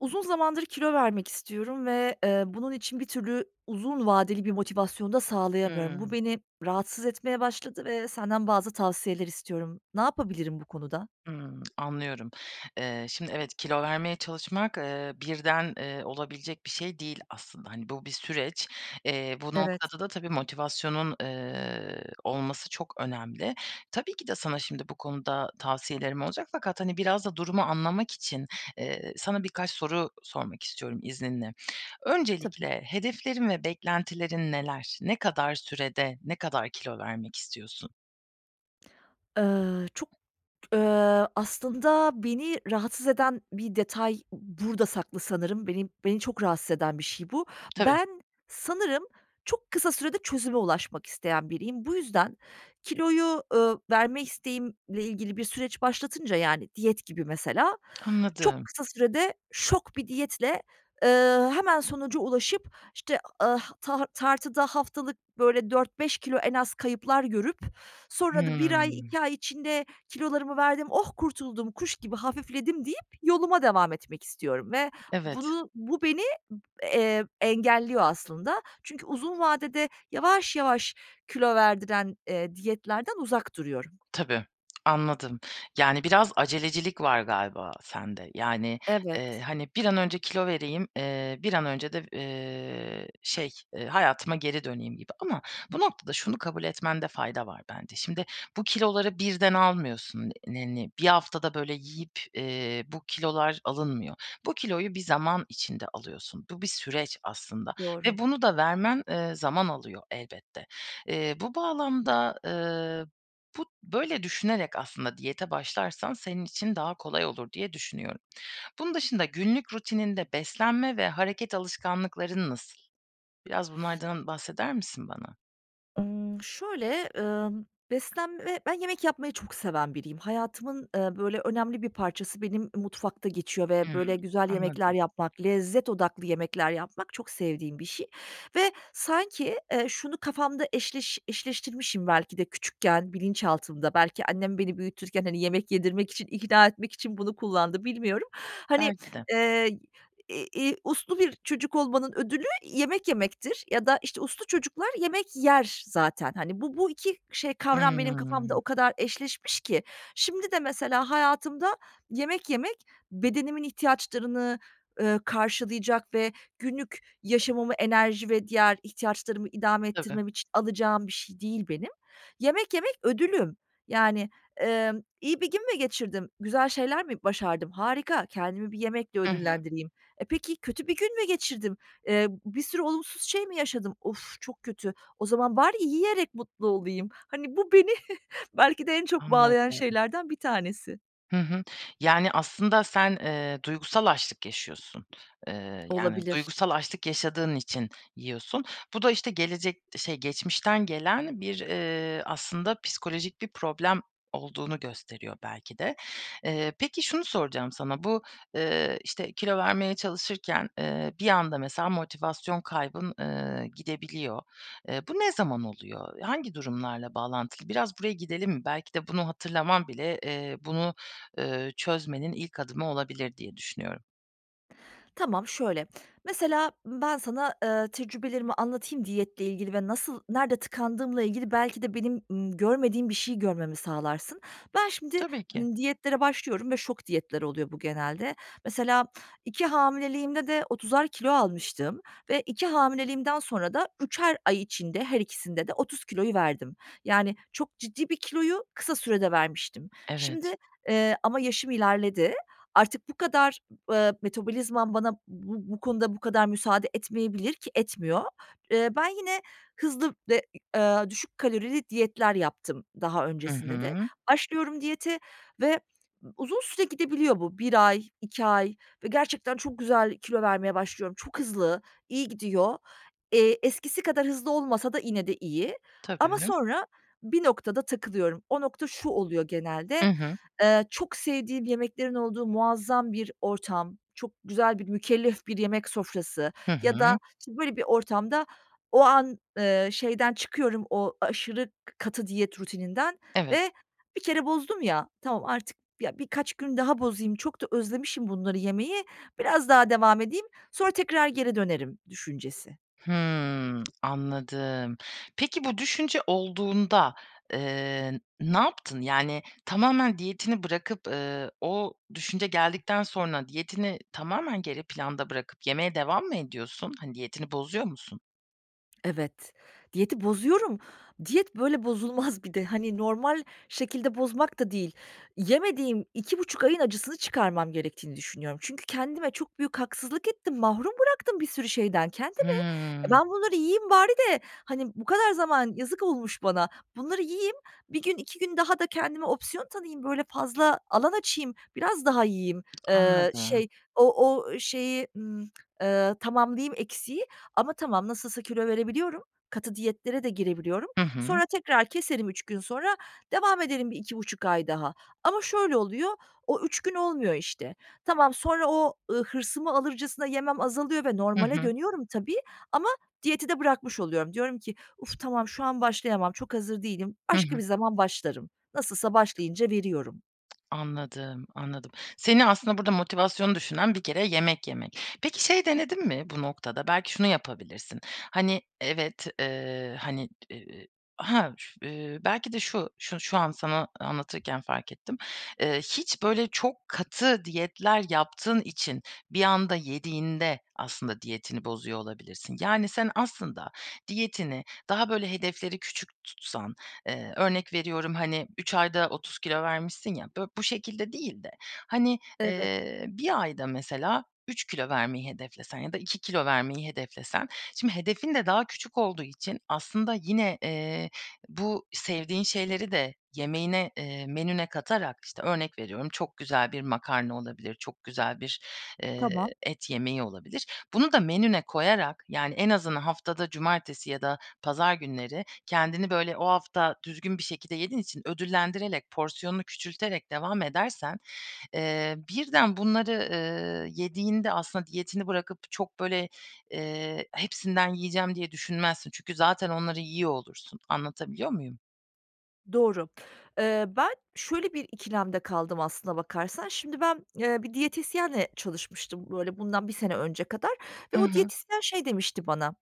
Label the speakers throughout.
Speaker 1: Uzun zamandır kilo vermek istiyorum ve, ııı, bunun için bir türlü uzun vadeli bir motivasyon da sağlayamıyorum. Bu
Speaker 2: Hımm.
Speaker 1: beni rahatsız etmeye başladı ve senden bazı tavsiyeler istiyorum. Ne yapabilirim bu konuda?
Speaker 2: Hımm, anlıyorum. Eee, şimdi evet, kilo vermeye çalışmak, eee, birden, eee, olabilecek bir şey değil aslında. Hani, bu bir süreç. Eee, bu
Speaker 1: Evet.
Speaker 2: noktada da tabii motivasyonun, eee, olması çok önemli. Tabii ki de sana şimdi bu konuda tavsiyelerim olacak. Fakat, hani, biraz da durumu anlamak için, eee, sana birkaç soru sormak istiyorum izninle.
Speaker 1: Tabii.
Speaker 2: Öncelikle hedeflerin ve beklentilerin neler? Ne kadar sürede ne kadar kilo vermek istiyorsun?
Speaker 1: Iıı, çok, ııı, aslında beni rahatsız eden bir detay burada saklı sanırım. Beni beni çok rahatsız eden bir şey bu.
Speaker 2: Tabii.
Speaker 1: Ben sanırım çok kısa sürede çözüme ulaşmak isteyen biriyim. Bu yüzden kiloyu, ııı, verme isteğimle ilgili bir süreç başlatınca yani diyet gibi mesela çok
Speaker 2: Anladım.
Speaker 1: kısa sürede şok bir diyetle, ııı, hemen sonuca ulaşıp, işte, ıh tar tartıda haftalık böyle 4-5 kilo en az kayıplar görüp sonra da 1 ay
Speaker 2: Hımm.
Speaker 1: 2 ay içinde kilolarımı verdim, oh kurtuldum, kuş gibi hafifledim deyip yoluma devam etmek istiyorum. Ve
Speaker 2: Evet.
Speaker 1: bunu bu beni ıb eee, engelliyor aslında. Çünkü uzun vadede yavaş yavaş kilo verdiren, eee, diyetlerden uzak duruyorum.
Speaker 2: Tabii. Anladım. Yani, biraz acelecilik var galiba sende. Yani, eee,
Speaker 1: Evet.
Speaker 2: hani, bir an önce kilo vereyim, eee, bir an önce de, eee, şey, eee, hayatıma geri döneyim gibi. Ama bu noktada şunu kabul etmende fayda var bence. Şimdi bu kiloları birden almıyorsun. [unintelligible] 1 haftada böyle yiyip, eee, bu kilolar alınmıyor. Bu kiloyu bir zaman içinde alıyorsun. Bu bir süreç aslında.
Speaker 1: Doğru.
Speaker 2: Ve bunu da vermen, eee, zaman alıyor elbette. Eee, bu bağlamda, ııı, bu böyle düşünerek aslında diyete başlarsan senin için daha kolay olur diye düşünüyorum. Bunun dışında günlük rutininde beslenme ve hareket alışkanlıkların nasıl? Biraz bunlardan bahseder misin bana?
Speaker 1: Imm, şöyle, ımm, beslenme Ben yemek yapmayı çok seven biriyim. Hayatımın, ııı, böyle, önemli bir parçası benim, ııı, mutfakta geçiyor ve böyle
Speaker 2: Hıı,
Speaker 1: güzel yemekler
Speaker 2: anladım.
Speaker 1: yapmak, lezzet odaklı yemekler yapmak çok sevdiğim bir şey ve sanki, eee, şunu kafamda eşleş eşleştirmişim belki de küçükken, bilinçaltımda. Belki annem beni büyütürken, hani, yemek yedirmek için, ikna etmek için bunu kullandı, bilmiyorum. Hani,
Speaker 2: Belki de.
Speaker 1: eee, i iii, uslu bir çocuk olmanın ödülü yemek yemektir ya da, işte, uslu çocuklar yemek yer zaten. Hani, bu bu 2 şey, kavram benim kafamda
Speaker 2: Hıı.
Speaker 1: o kadar eşleşmiş ki şimdi de mesela hayatımda yemek yemek bedenimin ihtiyaçlarını, ııı, karşılayacak ve günlük yaşamımı enerji ve diğer ihtiyaçlarımı idame
Speaker 2: Tabii.
Speaker 1: ettirmem için alacağım bir şey değil benim. Yemek yemek ödülüm. Yani, emm, iyi bir gün mü geçirdim? Güzel şeyler mi başardım? Harika. Kendimi bir yemekle
Speaker 2: Hı hı.
Speaker 1: ödüllendireyim. E, peki kötü bir gün mü geçirdim? Eee, bir sürü olumsuz şey mi yaşadım? Of, çok kötü. O zaman bari yiyerek mutlu olayım. Hani, bu beni belki de en çok bağlayan
Speaker 2: Anladım.
Speaker 1: şeylerden bir tanesi.
Speaker 2: Hı hı. Yani, aslında sen, eee, duygusal açlık yaşıyorsun. Eee, yani,
Speaker 1: Olabilir.
Speaker 2: duygusal açlık yaşadığın için yiyorsun. Bu da, işte, gelecek şey geçmişten gelen bir, eee, aslında psikolojik bir problem olduğunu gösteriyor belki de. Eee, peki, şunu soracağım sana, bu, eee, işte, kilo vermeye çalışırken, eee, bir anda mesela motivasyon kaybın, eee, gidebiliyor. Eee, bu ne zaman oluyor? Hangi durumlarla bağlantılı? Biraz buraya gidelim mi? Belki de bunu hatırlaman bile, eee, bunu, ııı, çözmenin ilk adımı olabilir diye düşünüyorum.
Speaker 1: Tamam şöyle, mesela, ımm, ben sana, ııı, tecrübelerimi anlatayım diyetle ilgili ve nasıl nerede tıkandığımla ilgili belki de benim, ımm, görmediğim bir şey görmemi sağlarsın. Ben şimdi,
Speaker 2: Tabii ki.
Speaker 1: ımm, diyetlere başlıyorum ve şok diyetler oluyor bu genelde. Mesela 2 hamileliğimde de 30'ar kilo almıştım ve 2 hamileliğimden sonra da 3'er ay içinde her ikisinde de 30 kiloyu verdim. Yani, çok ciddi bir kiloyu kısa sürede vermiştim. Şimdi,
Speaker 2: Evet.
Speaker 1: eee, ama yaşım ilerledi. Artık bu kadar, ııı, metabolizmam bana b bu konuda bu kadar müsaade etmeyebilir ki etmiyor. Iıı, ben yine hızlı ve, ı a ııı, düşük kalorili diyetler yaptım daha
Speaker 2: Hı
Speaker 1: öncesinde de.
Speaker 2: hı.
Speaker 1: Başlıyorum diyete ve uzun süre gidebiliyor bu. 1 ay, 2 ay ve gerçekten çok güzel kilo vermeye başlıyorum. Çok hızlı, iyi gidiyor. Eee, eskisi kadar hızlı olmasa da yine de iyi. Ama
Speaker 2: Tabii.
Speaker 1: sonra bir noktada takılıyorum. O nokta şu oluyor
Speaker 2: Hı
Speaker 1: genelde.
Speaker 2: hı.
Speaker 1: Eee, çok sevdiğim yemeklerin olduğu muazzam bir ortam, çok güzel bir mükellef bir yemek sofrası
Speaker 2: Hı
Speaker 1: ya
Speaker 2: hı.
Speaker 1: da, işte, böyle bir ortamda o an, ııı, şeyden çıkıyorum, o aşırı katı diyet rutininden
Speaker 2: Evet.
Speaker 1: ve bir kere bozdum ya, tamam artık ya birkaç gün daha bozayım, çok da özlemişim bunları yemeyi, biraz daha devam edeyim, sonra tekrar geri dönerim düşüncesi.
Speaker 2: Hımm anladım. Peki bu düşünce olduğunda, eee, ne yaptın? Yani tamamen diyetini bırakıp, ııı, o düşünce geldikten sonra diyetini tamamen geri planda bırakıp yemeye devam mı ediyorsun? Hani diyetini bozuyor musun?
Speaker 1: Evet. Diyeti bozuyorum. Diyet, böyle, bozulmaz bir de. Hani, normal şekilde bozmak da değil. Yemediğim 2,5 ayın acısını çıkarmam gerektiğini düşünüyorum. Çünkü kendime çok büyük haksızlık ettim, mahrum bıraktım bir sürü şeyden kendimi. E,
Speaker 2: Hıı.
Speaker 1: ben bunları yiyeyim bari de, hani, bu kadar zaman yazık olmuş bana. Bunları yiyeyim, 1 gün, 2 gün daha da kendime opsiyon tanıyayım, böyle, fazla alan açayım, biraz daha yiyeyim, eee,
Speaker 2: Anladım.
Speaker 1: şey o o şeyi, ımm, eee, tamamlayayım eksiyi ama tamam nasılsa kilo verebiliyorum, katı diyetlere de girebiliyorum.
Speaker 2: Hı hı.
Speaker 1: Sonra tekrar keserim 3 gün sonra, devam ederim bir 2,5 ay daha ama şöyle oluyor, o 3 gün olmuyor işte. Tamam sonra o, ııı, hırsımı alırcasına yemem azalıyor ve
Speaker 2: Hı
Speaker 1: normale
Speaker 2: hı.
Speaker 1: dönüyorum tabii ama diyeti de bırakmış oluyorum. Diyorum ki "Uf tamam, şu an başlayamam, çok hazır değilim,
Speaker 2: Hı
Speaker 1: başka
Speaker 2: hı.
Speaker 1: bir zaman başlarım. Nasılsa başlayınca veriyorum."
Speaker 2: Anladım. Anladım. Seni aslında burada motivasyonu düşüren bir kere yemek yemek. Peki, şey denedin mi bu noktada? Belki şunu yapabilirsin. Hani, evet, eee, hani, t e ha ş eee, belki de şu şu şu an sana anlatırken fark ettim. Eee, hiç, böyle, çok katı diyetler yaptığın için bir anda yediğinde aslında diyetini bozuyor olabilirsin. Yani, sen aslında diyetini daha, böyle, hedefleri küçük tutsan, eee, örnek veriyorum, hani, 3 ayda 30 kilo vermişsin ya, bı bu şekilde değil de. Hani,
Speaker 1: Evet.
Speaker 2: eee, 1 ayda mesela 3 kilo vermeyi hedeflesen ya da 2 kilo vermeyi hedeflesen, şimdi hedefin de daha küçük olduğu için aslında yine, eee, bu sevdiğin şeyleri de yemeğine, eee, menüne katarak, işte, örnek veriyorum çok güzel bir makarna olabilir, çok güzel bir, eee,
Speaker 1: Tamam.
Speaker 2: et yemeği olabilir, bunu da menüye koyarak, yani, en azından haftada cumartesi ya da pazar günleri kendini, böyle, o hafta düzgün bir şekilde yediğin için ödüllendirerek, porsiyonunu küçülterek devam edersen, eee, birden bunları, ııı, yediğinde aslında diyetini bırakıp çok, böyle, eee, "Hepsinden yiyeceğim." diye düşünmezsin. Çünkü zaten onları yiyor olursun. Anlatabiliyor muyum?
Speaker 1: Doğru. Eee, ben şöyle bir ikilemde kaldım aslına bakarsan. Şimdi, ben, eee, bir diyetisyenle çalışmıştım, böyle, bundan 1 sene önce kadar ve
Speaker 2: Hı
Speaker 1: o
Speaker 2: hı.
Speaker 1: diyetisyen şey demişti bana,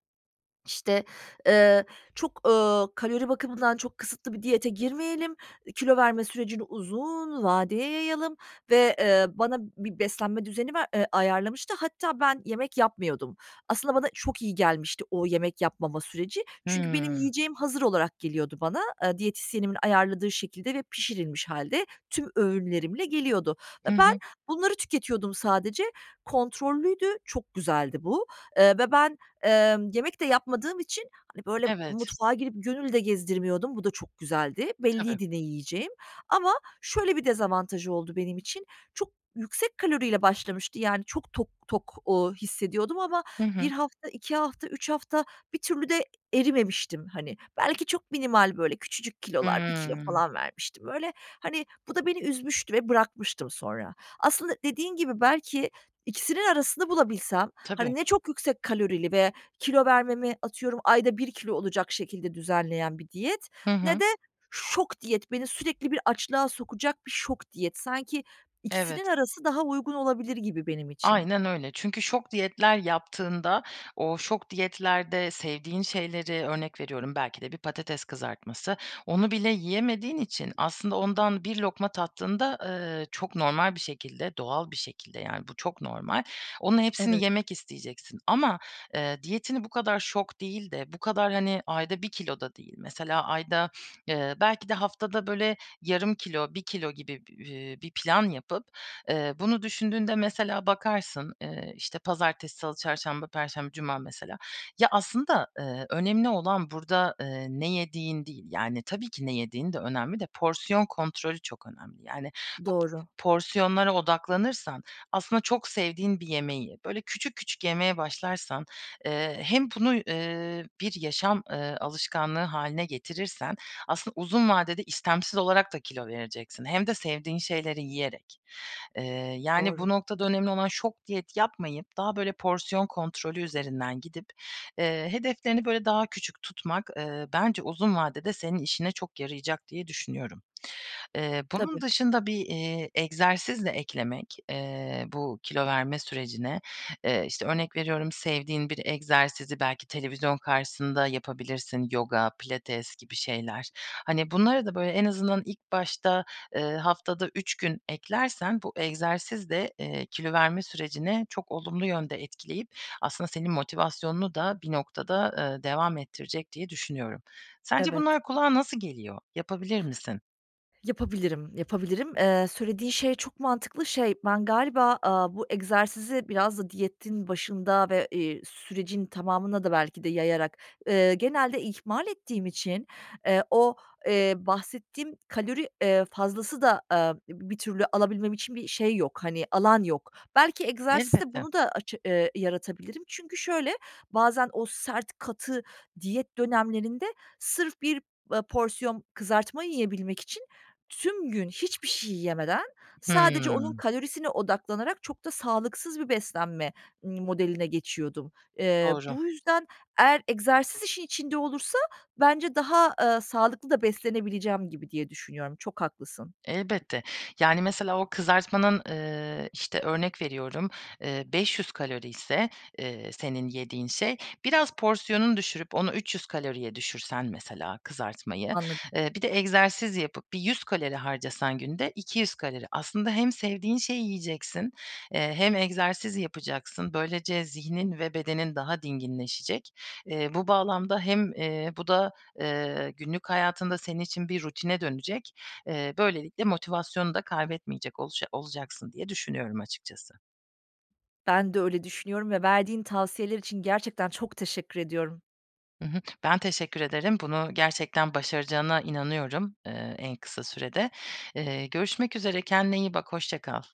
Speaker 1: işte, eee, "Çok, ııı, kalori bakımından çok kısıtlı bir diyete girmeyelim. E, kilo verme sürecini uzun vadeye yayalım." ve, eee, bana bir beslenme düzeni ver eee, ayarlamıştı hatta ben yemek yapmıyordum. Aslında bana çok iyi gelmişti o yemek yapmama süreci. Çünkü benim
Speaker 2: Hımm.
Speaker 1: yiyeceğim hazır olarak geliyordu bana, aaa, diyetisyenimin ayarladığı şekilde ve pişirilmiş hâlde tüm öğünlerimle geliyordu. E,
Speaker 2: Hı
Speaker 1: ben
Speaker 2: hı.
Speaker 1: bunları tüketiyordum sadece. Kontrollüydü, çok güzeldi bu. Eee, ve ben, emm, yemek de yapmadığım için, hani, böyle
Speaker 2: Evet.
Speaker 1: mutfağa girip gönül de gezdirmiyordum. Bu da çok güzeldi.
Speaker 2: Tabii.
Speaker 1: Belliydi ne yiyeceğim. Ama şöyle bir dezavantajı oldu benim için. Çok yüksek kaloriyle başlamıştı yani çok tok tok, ooo, hissediyordum ama
Speaker 2: Hı
Speaker 1: 1
Speaker 2: hı.
Speaker 1: hafta, 2 hafta, 3 hafta bir türlü de erimemiştim, hani. Belki çok minimal böyle küçücük kilolar, 1 kilo
Speaker 2: Hımm.
Speaker 1: falan vermiştim öyle. Hani, bu da beni üzmüştü ve bırakmıştım sonra. Aslında dediğin gibi, belki ikisinin arasını bulabilsem,
Speaker 2: Tabii.
Speaker 1: hani, ne çok yüksek kalorili ve kilo vermemi, atıyorum, ayda 1 kilo olacak şekilde düzenleyen bir diyet,
Speaker 2: Hı
Speaker 1: ne
Speaker 2: hı.
Speaker 1: de şok diyet beni sürekli bir açlığa sokacak bir şok diyet. Sanki ikisinin
Speaker 2: Evet.
Speaker 1: arası daha uygun olabilir gibi benim için.
Speaker 2: Aynen öyle. Çünkü şok diyetler yaptığında, o şok diyetlerde sevdiğin şeyleri, örnek veriyorum belki de bir patates kızartması, onu bile yiyemediğin için aslında ondan bir lokma tattığında, ııı, çok normal bir şekilde, doğal bir şekilde yani bu çok normal, onun hepsini
Speaker 1: Evet.
Speaker 2: yemek isteyeceksin. Ama, eee, diyetini bu kadar şok değil de bu kadar, hani, ayda 1 kilo da değil. Mesela ayda eee, belki de haftada böyle yarım kilo, 1 kilo gibi bi iii, bir plan yapıp, eee, bunu düşündüğünde mesela bakarsın, eee, işte, pazartesi, salı, çarşamba, perşembe, cuma mesela. Ya, aslında, ııı, önemli olan burada, ııı, ne yediğin değil. Yani tabii ki ne yediğin de önemli de porsiyon kontrolü çok önemli. Yani bu
Speaker 1: Doğru.
Speaker 2: porsiyonlara odaklanırsan, aslında çok sevdiğin bir yemeği böyle küçük küçük yemeye başlarsan, eee, hem bunu, eee, bir yaşam, eee, alışkanlığı hâline getirirsen aslında uzun vadede istemsiz olarak da kilo vereceksin. Hem de sevdiğin şeyleri yiyerek. Eee, yani
Speaker 1: Doğru.
Speaker 2: bu noktada önemli olan şok diyet yapmayıp daha böyle porsiyon kontrolü üzerinden gidip, eee, hedeflerini böyle daha küçük tutmak, eee, bence uzun vadede senin işine çok yarayacak diye düşünüyorum. Eee, bunun
Speaker 1: Tabii.
Speaker 2: dışında bir, iii, egzersiz de eklemek, eee, bu kilo verme sürecine, eee, işte, örnek veriyorum sevdiğin bir egzersizi belki televizyon karşısında yapabilirsin. Yoga, pilates gibi şeyler. Hani, bunları da böyle en azından ilk başta, eee, haftada 3 gün eklersen bu egzersiz de, eee, kilo verme sürecini çok olumlu yönde etkileyip aslında senin motivasyonunu da bir noktada, ııı, devam ettirecek diye düşünüyorum. Sence
Speaker 1: Evet.
Speaker 2: bunlar kulağa nasıl geliyor? Yapabilir misin?
Speaker 1: Yapabilirim, yapabilirim. Eee, söylediğin şey çok mantıklı. Şey, ben galiba, aaa, bu egzersizi biraz da diyetin başında ve, iii, sürecin tamamına da belki de yayarak, ııı, genelde ihmal ettiğim için, eee, o, eee, bahsettiğim kalori, eee, fazlası da, aaa, ib bir türlü alabilmem için bir şey yok, hani, alan yok. Belki egzersizle
Speaker 2: Elbette.
Speaker 1: bunu da aça eee, yaratabilirim. Çünkü şöyle bazen o sert, katı diyet dönemlerinde sırf bir, eee, porsiyon kızartma yiyebilmek için tüm gün hiçbir şey yemeden sadece onun
Speaker 2: Hımm.
Speaker 1: kalorisine odaklanarak çok da sağlıksız bir beslenme, ımm, modeline geçiyordum. Eee,
Speaker 2: Doğru.
Speaker 1: bu yüzden eğer egzersiz işin içinde olursa bence daha, ııı, sağlıklı da beslenebileceğim gibi diye düşünüyorum, çok haklısın.
Speaker 2: Elbette. Yani, mesela o kızartmanın, eee, işte, örnek veriyorum, eee, 500 kaloriyse, eee, senin yediğin şey, biraz porsiyonunu düşürüp onu 300 kaloriye düşürsen mesela kızartmayı,
Speaker 1: Anlad
Speaker 2: eee, bir de egzersiz yapıp bir 100 kalori harcasan günde 200 kalori. Aslında hem sevdiğin şeyi yiyeceksin, eee, hem egzersiz yapacaksın. Böylece zihnin ve bedenin daha dinginleşecek. Eee, bu bağlamda hem, eee, bu da, eee, günlük hayatında senin için bir rutine dönecek. Eee, böylelikle motivasyonu da kaybetmeyecek olaca olacaksın diye düşünüyorum açıkçası.
Speaker 1: Ben de öyle düşünüyorum ve verdiğin tavsiyeler için gerçekten çok teşekkür ediyorum.
Speaker 2: Hı hı. Ben teşekkür ederim. Bunu gerçekten başaracağına inanıyorum, eee, en kısa sürede. Eee, görüşmek üzere, kendine iyi bak. Hoşça kal.